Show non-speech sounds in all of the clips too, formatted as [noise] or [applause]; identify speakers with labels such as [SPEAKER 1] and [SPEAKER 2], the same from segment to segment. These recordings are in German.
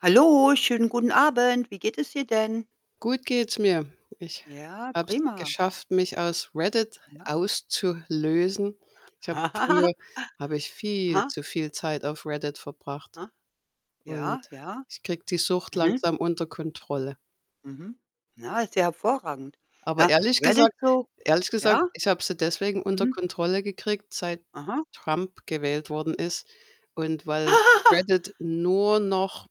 [SPEAKER 1] Hallo, schönen guten Abend. Wie geht es dir denn?
[SPEAKER 2] Gut geht's mir. Ich
[SPEAKER 1] Ja,
[SPEAKER 2] habe es
[SPEAKER 1] prima.
[SPEAKER 2] geschafft, mich aus Reddit
[SPEAKER 1] Ja.
[SPEAKER 2] auszulösen. Ich habe
[SPEAKER 1] [laughs]
[SPEAKER 2] früher habe ich viel
[SPEAKER 1] Aha.
[SPEAKER 2] zu viel Zeit auf Reddit verbracht
[SPEAKER 1] Aha.
[SPEAKER 2] und
[SPEAKER 1] ja, ja.
[SPEAKER 2] ich kriege die Sucht
[SPEAKER 1] Mhm.
[SPEAKER 2] langsam unter Kontrolle.
[SPEAKER 1] Mhm. Ja, ist ja hervorragend.
[SPEAKER 2] Aber
[SPEAKER 1] Ja,
[SPEAKER 2] ehrlich
[SPEAKER 1] Reddit
[SPEAKER 2] gesagt
[SPEAKER 1] so
[SPEAKER 2] ehrlich gesagt,
[SPEAKER 1] ja.
[SPEAKER 2] ich habe sie deswegen unter
[SPEAKER 1] Mhm.
[SPEAKER 2] Kontrolle gekriegt, seit
[SPEAKER 1] Aha.
[SPEAKER 2] Trump gewählt worden ist und weil
[SPEAKER 1] [laughs]
[SPEAKER 2] Reddit nur noch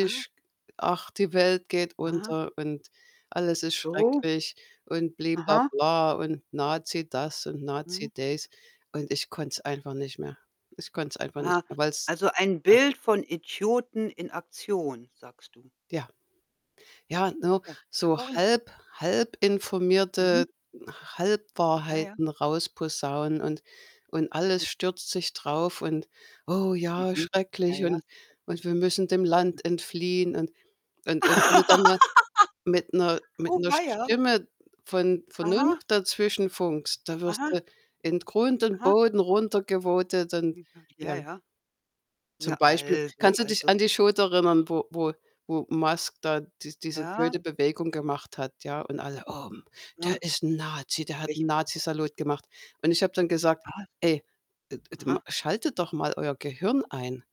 [SPEAKER 1] Aha.
[SPEAKER 2] ach, die Welt geht
[SPEAKER 1] Aha.
[SPEAKER 2] unter und alles ist
[SPEAKER 1] So.
[SPEAKER 2] schrecklich und bli bla
[SPEAKER 1] Aha.
[SPEAKER 2] bla und Nazi das und Nazi
[SPEAKER 1] Mhm.
[SPEAKER 2] dies und ich konnte es einfach nicht mehr. Ich konnte es einfach nicht
[SPEAKER 1] Aha.
[SPEAKER 2] mehr, weil's
[SPEAKER 1] Also, ein
[SPEAKER 2] Ja.
[SPEAKER 1] Bild von Idioten in Aktion, sagst du.
[SPEAKER 2] Ja.
[SPEAKER 1] Ja,
[SPEAKER 2] Ja, ne,
[SPEAKER 1] ja, ist ja
[SPEAKER 2] so
[SPEAKER 1] verrückt.
[SPEAKER 2] halb halb
[SPEAKER 1] Mhm.
[SPEAKER 2] informierte
[SPEAKER 1] Ja, ja.
[SPEAKER 2] Halbwahrheiten rausposaunen und und alles
[SPEAKER 1] J
[SPEAKER 2] stürzt sich drauf und: „Oh ja,
[SPEAKER 1] Mhm. Ja,
[SPEAKER 2] schrecklich
[SPEAKER 1] ja,
[SPEAKER 2] und
[SPEAKER 1] sicher
[SPEAKER 2] und wir müssen dem Land entfliehen.“ Und und und wenn du dann mal
[SPEAKER 1] [laughs]
[SPEAKER 2] mit 'ner mit
[SPEAKER 1] Oh
[SPEAKER 2] 'ner
[SPEAKER 1] weia.
[SPEAKER 2] Stimme von Vernunft
[SPEAKER 1] Aha.
[SPEAKER 2] dazwischenfunkst, da wirst
[SPEAKER 1] Aha.
[SPEAKER 2] du in Grund und
[SPEAKER 1] Aha.
[SPEAKER 2] Boden runtergevotet und
[SPEAKER 1] Hm, ha, ja,
[SPEAKER 2] ja.
[SPEAKER 1] ja. Na,
[SPEAKER 2] Zum Beispiel,
[SPEAKER 1] also,
[SPEAKER 2] kannst du dich
[SPEAKER 1] also
[SPEAKER 2] an die Show da erinnern, wo wo wo Musk da dies diese
[SPEAKER 1] Ja.
[SPEAKER 2] blöde Bewegung gemacht hat, ja? Und alle: „Oh, hm,
[SPEAKER 1] Na.
[SPEAKER 2] der ist 'n Nazi, der hat 'n
[SPEAKER 1] Welche m
[SPEAKER 2] Nazi-Salut gemacht.“ Und ich habe dann gesagt:
[SPEAKER 1] Was?
[SPEAKER 2] „Ey, et et ma
[SPEAKER 1] Aha.
[SPEAKER 2] schaltet doch mal euer Gehirn ein.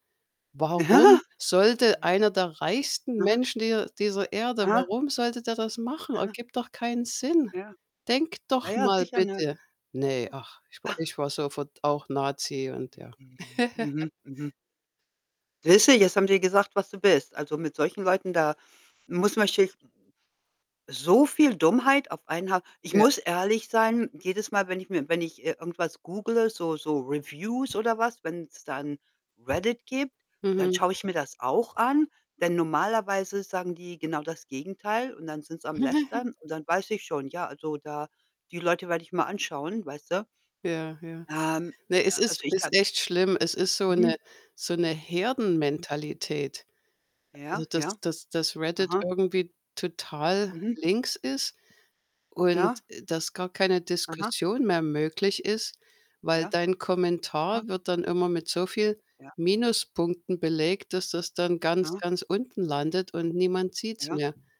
[SPEAKER 2] Warum
[SPEAKER 1] [laughs]
[SPEAKER 2] sollte einer der reichsten
[SPEAKER 1] Aha.
[SPEAKER 2] Menschen dieser dieser Erde
[SPEAKER 1] Aha.
[SPEAKER 2] warum sollte der das machen?
[SPEAKER 1] Aha.
[SPEAKER 2] Ergibt doch keinen Sinn.
[SPEAKER 1] Ja.
[SPEAKER 2] Denkt
[SPEAKER 1] Ja,
[SPEAKER 2] doch
[SPEAKER 1] ja,
[SPEAKER 2] mal
[SPEAKER 1] sicher, ne?
[SPEAKER 2] bitte.“ Ne, ach, ich wa
[SPEAKER 1] Ah!
[SPEAKER 2] ich war sofort auch Nazi und ja.
[SPEAKER 1] Mhm,
[SPEAKER 2] [laughs]
[SPEAKER 1] mhm, mhm. Siehst du, jetzt haben die gesagt, was du bist. Also, mit solchen Leuten, da muss man sich So viel Dummheit auf einen Haufen. Ich
[SPEAKER 2] Ja.
[SPEAKER 1] muss ehrlich sein, jedes Mal, wenn ich mir wenn ich, äh, irgendwas googele, so so Reviews oder was, wenn's da 'n Reddit gibt, dann
[SPEAKER 2] Mhm.
[SPEAKER 1] schaue ich mir das auch an, denn normalerweise sagen die genau das Gegenteil und dann sind sie am
[SPEAKER 2] [laughs]
[SPEAKER 1] lästern und dann weiß ich schon, ja, also, da die Leute werde ich mal anschauen, weißte.
[SPEAKER 2] Ja, ja.
[SPEAKER 1] Ähm,
[SPEAKER 2] Ne,
[SPEAKER 1] äh,
[SPEAKER 2] es
[SPEAKER 1] also,
[SPEAKER 2] ist
[SPEAKER 1] ich habe
[SPEAKER 2] ist echt schlimm. Es ist so 'ne
[SPEAKER 1] Mhm.
[SPEAKER 2] so 'ne
[SPEAKER 1] Mhm.
[SPEAKER 2] Herdenmentalität. Also,
[SPEAKER 1] Ja, ja.
[SPEAKER 2] dass dass dass Reddit
[SPEAKER 1] Aha.
[SPEAKER 2] irgendwie total
[SPEAKER 1] Mhm.
[SPEAKER 2] links ist und,
[SPEAKER 1] Ja.
[SPEAKER 2] äh, dass gar keine
[SPEAKER 1] Aha.
[SPEAKER 2] Diskussion mehr möglich ist, weil
[SPEAKER 1] Ja,
[SPEAKER 2] dein
[SPEAKER 1] ah.
[SPEAKER 2] Kommentar wird dann immer mit so viel
[SPEAKER 1] Ja.
[SPEAKER 2] Minuspunkten belegt, dass das dann ganz,
[SPEAKER 1] Ah.
[SPEAKER 2] ganz unten landet und niemand sieht's
[SPEAKER 1] Ja.
[SPEAKER 2] mehr.